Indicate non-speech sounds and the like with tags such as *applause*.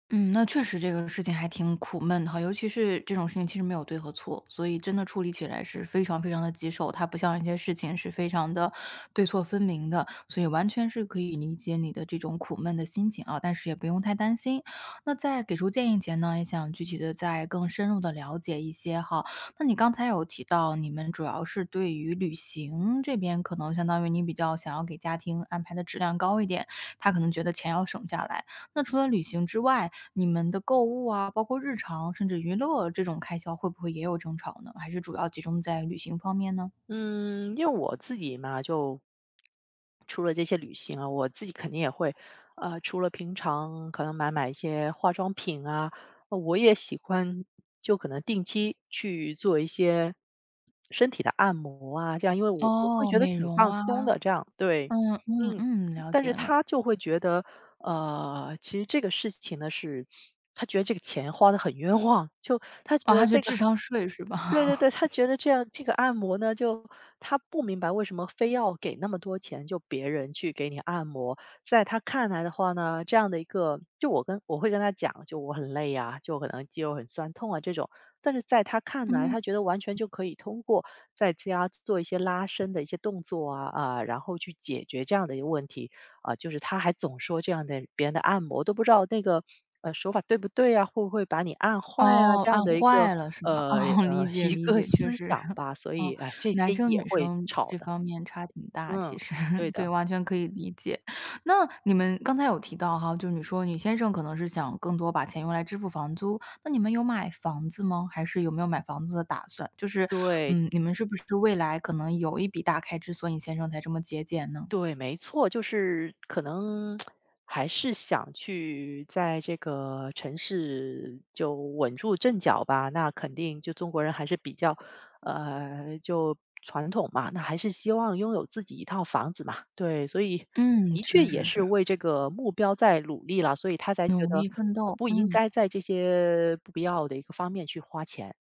嗯，那确实这个事情还挺苦闷的哈，尤其是这种事情其实没有对和错，所以真的处理起来是非常非常地棘手。它不像那些事情是非常地对错分明的，所以完全是可以理解你的这种苦闷的心情啊，但是也不用太担心。那在给出建议前呢，也想具体地再更深入地了解一些哈，那你刚才有提到，你们主要是对于旅行这边可能相当于你比较想要给家庭安排的质量高一点。他可能觉得钱要省下来，那除了旅行之外，你们的购物啊，包括日常甚至娱乐这种开销会不会也有争吵呢？还是主要集中在旅行方面呢？嗯，因为我自己嘛，就除了这些旅行啊，我自己肯定也会呃，除了平常可能买买一些化妆品啊，我也喜欢就可能定期去做一些，身体的按摩啊这样。因为我我会哦，觉得美挺容放松啊，的，这样对，嗯嗯嗯，嗯，了但解是了。他就会觉得呃，其实这个事情呢是，*sniffs* 他觉得这个钱花得很冤枉，就他觉得啊，是这个智商税是对对吧？对，他觉得 *laughs* 这样这个按摩呢，就他不明白为什么非要给那么多钱，就别人去给你按摩。在他看来的话呢，这样的一个就我跟我会跟他讲，就我很累啊，就可能肌肉很酸痛啊这种，但是在他看来，嗯。他觉得完全就可以通过在家做一些拉伸的一些动作啊，啊，然后去解决这样的一个问题。啊，就是他还总说这样的别人的按摩，都不知道那个，呃，手法对不对啊，会不会把你按坏啊，哦，这样按的一个坏了是吧？呃，哦，呃理解一理个解，确思实，想 *chuckles* 吧，所以啊，唉，这男些生也女会生吵这的。方面差挺大其嗯，实对对，的。完全可以理解。那你们刚才有提到哈，就你说你先生可能是想更多把钱用来支付房租，那你们有买房子吗？还是有没有买房子的打算？就是，对。嗯，你们是不是未来可能有一笔大开支，所以你先生才这么节俭呢？对，没错，就是可能 *smacks lips* 还是想去在这个城市，就稳住阵脚吧，那肯定就中国人还是比较呃，就传统嘛，那还是希望拥有自己一套房子嘛。对，所以嗯，的确确也实是是。为这个目标在努力啦，所以他才觉努得力奋呃，斗，不应嗯。该在这些不必要的一个方面去花钱。